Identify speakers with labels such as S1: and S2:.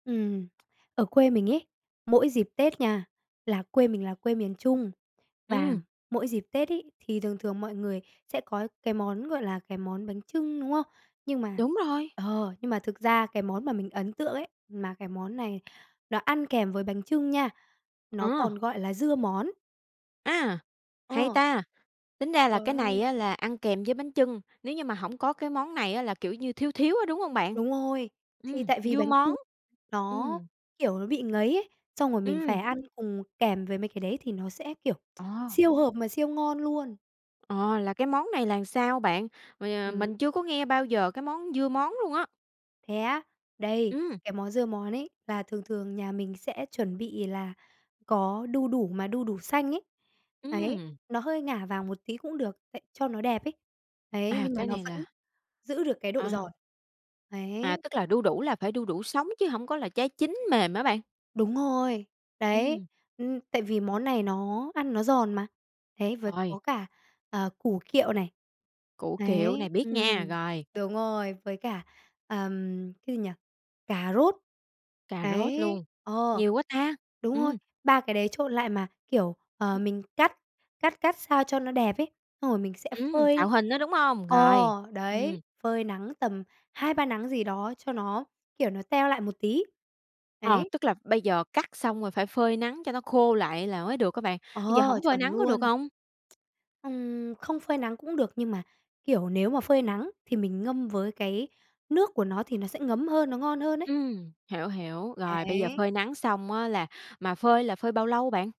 S1: Ừm, ở quê mình ấy, mỗi dịp Tết nha là quê mình là quê miền Trung, và
S2: Ừm.
S1: mỗi dịp Tết ấy, thì thường thường mọi người sẽ có cái món, gọi là, cái món bánh chưng, đúng không? Nhưng mà
S2: Đúng rồi.
S1: ờ, nhưng mà thực ra cái món mà mình ấn tượng ấy, mà cái món này nó ăn kèm với bánh chưng nha, nó còn
S2: À.
S1: gọi là dưa món.
S2: À, hay
S1: Ờ.
S2: ta! Tính ra là
S1: Trời
S2: cái này
S1: ơi!
S2: á là ăn kèm với bánh chưng, nếu như mà hổng có cái món này á là, kiểu như, thiếu thiếu á, đúng hông bạn?
S1: Đúng rồi, thì
S2: Ừm,
S1: tại vì
S2: dưa
S1: bánh
S2: món,
S1: chưng nó,
S2: ừm.
S1: kiểu, nó bị ngấy ấy, xong rồi mình phải
S2: Ừm.
S1: ăn cùng kèm với mấy cái đấy thì nó sẽ, kiểu,
S2: Ờ.
S1: siêu hợp mà siêu ngon luôn.
S2: Ờ, là cái món này là sao bạn? Rồi, à,
S1: Ừm.
S2: mình chưa có nghe bao giờ cái món dưa món luôn á.
S1: Thế á? Đây,
S2: Ừm.
S1: cái món dưa món ấy là thường thường nhà mình sẽ chuẩn bị là có đu đủ mà đu đủ xanh ấy, đấy,
S2: Ừm.
S1: nó hơi ngả vàng một tí cũng được tại cho nó đẹp ấy, đấy,
S2: À,
S1: nhưng mà
S2: cái
S1: nó
S2: này
S1: vẫn
S2: là
S1: giữ được cái độ
S2: À.
S1: giòn.
S2: À,
S1: Đấy.
S2: tức là đu đủ là phải đu đủ sống chứ hổng có là trái chín mềm hả bạn?
S1: Đúng rồi, đấy,
S2: Ừm.
S1: ừm, tại vì món này nó ăn nó giòn mà, đấy, với
S2: Rồi.
S1: có cả, ờ, củ kiệu này.
S2: Củ kiệu,
S1: Đấy,
S2: này biết nha,
S1: ừm,
S2: rồi.
S1: đúng rồi, với cả, ờm, cái gì nhỉ? Cà rốt.
S2: Cà rốt
S1: Đấy,
S2: luôn,
S1: ờ,
S2: nhiều quá ta!
S1: đúng rồi,
S2: Ừm.
S1: 3 cái đấy trộn lại mà, kiểu, ờ,
S2: Ừm.
S1: mình cắt cắt cắt sao cho nó đẹp ấy, xong rồi mình sẽ
S2: Ừm, tạo
S1: phơi
S2: hình đó, đúng hông?
S1: ờ,
S2: Rồi,
S1: đấy,
S2: ừm.
S1: phơi nắng tầm 2-3 nắng gì đó cho nó, kiểu, nó teo lại một tí.
S2: Ờ,
S1: Đấy.
S2: tức là bây giờ cắt xong rồi phải phơi nắng cho nó khô lại là mới được hả bạn? Bây giờ
S1: Ờ,
S2: hổng phơi
S1: chuẩn
S2: nắng có được
S1: luôn.
S2: hông?
S1: Ừm, không phơi nắng cũng được nhưng mà, kiểu, nếu mà phơi nắng thì mình ngâm với cái nước của nó thì nó sẽ ngấm hơn, nó ngon hơn ấy.
S2: Ừm, hiểu, hiểu, rồi bây giờ
S1: Đấy.
S2: phơi nắng xong á là mà phơi là phơi bao lâu bạn?